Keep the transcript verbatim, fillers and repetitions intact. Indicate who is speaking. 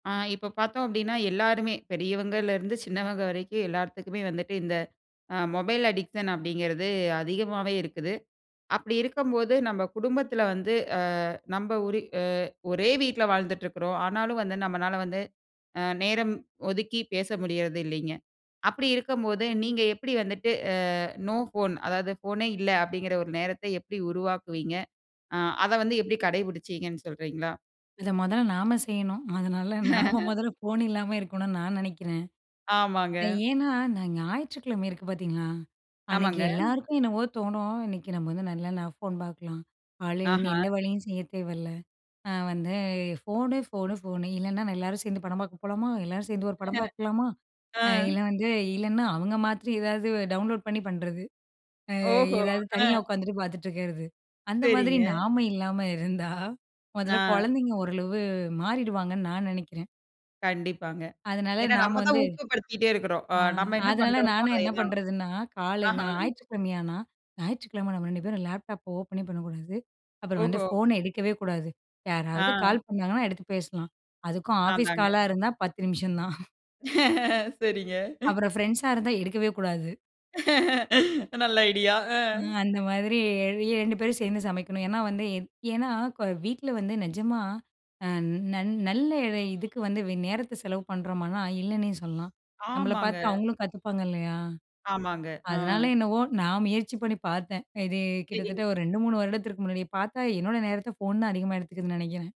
Speaker 1: ஆ இப்போ பாத்தோம் அப்டின்னா, எல்லாருமே பெரியவங்கலயிருந்து சின்னவங்க வரைக்கும் எல்லார்த்துக்குமே வந்துட்டு இந்த மொபைல் அடிக்ஷன் அப்டிங்கிறது அதிகமாவே இருக்குது. அப்டி இருக்கம்போது நம்ப குடும்பத்துல வந்து, ஆ நம்ப ஒரி ஒரே வீட்ல வாழ்ந்துட்டு இருக்றோம். ஆனாலு வந்து, நம்மனால வந்து, அ நேரம் ஒதுக்கி பேச முடியறதில்லீங்க. அப்டி இருக்கம்போது, நீங்க எப்டி வந்துட்டு ஆ நோ ஃபோன், அதாது ஃபோனே இல்ல, அப்டிங்கிற ஒரு நேரத்த எப்டி உருவாக்குவீங்க? ஆ அத வந்து எப்டி கடைப்பிடிச்சீங்கன்னு சொல்றீங்களா?
Speaker 2: இத மொதல்ல நாம செய்யணும். அதனால நாம மொதல்ல ஃபோன் இல்லாம இருக்கணூனு நா நெனைக்கிறேன்.
Speaker 1: ஆமாங்க.
Speaker 2: ஏன்னா, நா ஞாயிற்றுக்கிழமை இருக்கு பாத்தீங்களா, அன்னைக்கு
Speaker 1: ஆமாங்க.
Speaker 2: எல்லாருக்கும் என்னவோ தோணும் இன்னைக்கு நம்ம வந்து நல்லா ஃபோன் பாக்கலாம். காலையிலருந்து
Speaker 1: ஆஹா!
Speaker 2: எந்த வேலையும் செய்ய தேவையில்ல. நான் வந்து ஃபோனு, ஃபோனு, ஃபோனு இல்லன்னா, நெல்லாரும் சேந்து படம் பாக்க போலாமா, எல்லாரு சேர்ந்து ஒரு படம் பாக்லாமா
Speaker 1: ஆ
Speaker 2: இல்ல வந்து இல்லன்னா, அவுங்க மாத்ரி ஏதாது டவுன்லோட் பண்ணி பண்றது. ஆ
Speaker 1: ஓஹோ!
Speaker 2: ஏதாது
Speaker 1: ஆ.
Speaker 2: தனியா உக்காந்துட்டு பாத்துட்டு இருக்கிறது. அந்த மாதிரி
Speaker 1: சேரிங்க.
Speaker 2: நாம இல்லாம இருந்தா, முதல்ல
Speaker 1: ஆ.
Speaker 2: குழந்தைங்க ஓரளவு மாறிடுவாங்கன்னு நான் நெனைக்கிறேன்.
Speaker 1: கண்டிப்பாங்க.
Speaker 2: அதனால
Speaker 1: ஏன்னா,
Speaker 2: நாம
Speaker 1: நம்ம தான்
Speaker 2: வந்து
Speaker 1: ஊக்கப்படுத்திட்டே இருக்றோம். ஆ
Speaker 2: ஆ
Speaker 1: நம்ம என்ன
Speaker 2: அதனால
Speaker 1: பண்றோமோ
Speaker 2: நானும் என்ன
Speaker 1: அதேதான்.
Speaker 2: பண்ணுறதுன்னா, கால் இங்க
Speaker 1: ஆஹா.
Speaker 2: ஞாயிற்றுக்கிழமையானா ஞாயிற்றுக்கிழமை நம்ம ரெண்டு பேரும் லேப்டாப் ஓப்பனே பண்ணக்கூடாது. அப்புறம் வந்து
Speaker 1: ஓஹோ!
Speaker 2: ஃபோன எடுக்கவே கூடாது. யாராவது
Speaker 1: ஆ.
Speaker 2: கால் பண்ணாங்கன்னா எடுத்து பேசலாம். அதுக்கும் ஆஃபீஸ்
Speaker 1: அதாங்க.
Speaker 2: காலா இருந்தா பத்து நிமிஷந்தான்.
Speaker 1: சேரிங்க.
Speaker 2: அப்புறம் பிரெண்ட்ஸ்சா இருந்தா எடுக்கவே கூடாது.
Speaker 1: நல்ல ஐடியா. ஆ.
Speaker 2: ஆ அந்த மாதிரி இரெண்டு பேரும் சேர்ந்து சமைக்கணும். ஏன்னா வந்து ஏன்னா வீட்ல வந்து நிஜமா, அ நன் நல்ல இதுக்கு வந்து நேரத்த செலவு பண்ணுறோமானா இல்லன்னே சொல்லலாம். நம்பள
Speaker 1: ஆமாங்க.
Speaker 2: பாத்து அவுங்களும் கத்துப்பாங்க இல்லையா?
Speaker 1: ஆமாங்க. ஆ.
Speaker 2: அதனால என்னவோ நான் முயற்சி பண்ணி பாத்தேன். இது
Speaker 1: சேரிங்.
Speaker 2: கிட்டத்தட்ட ஒரு ரெண்டு, மூணு வருடத்திற்கு முன்னாடியே, பாத்தா என்னோட நேரத்த ஃபோன் தான் அதிகமா எடுத்துக்குதுன்னு நெனைக்கிறேன்.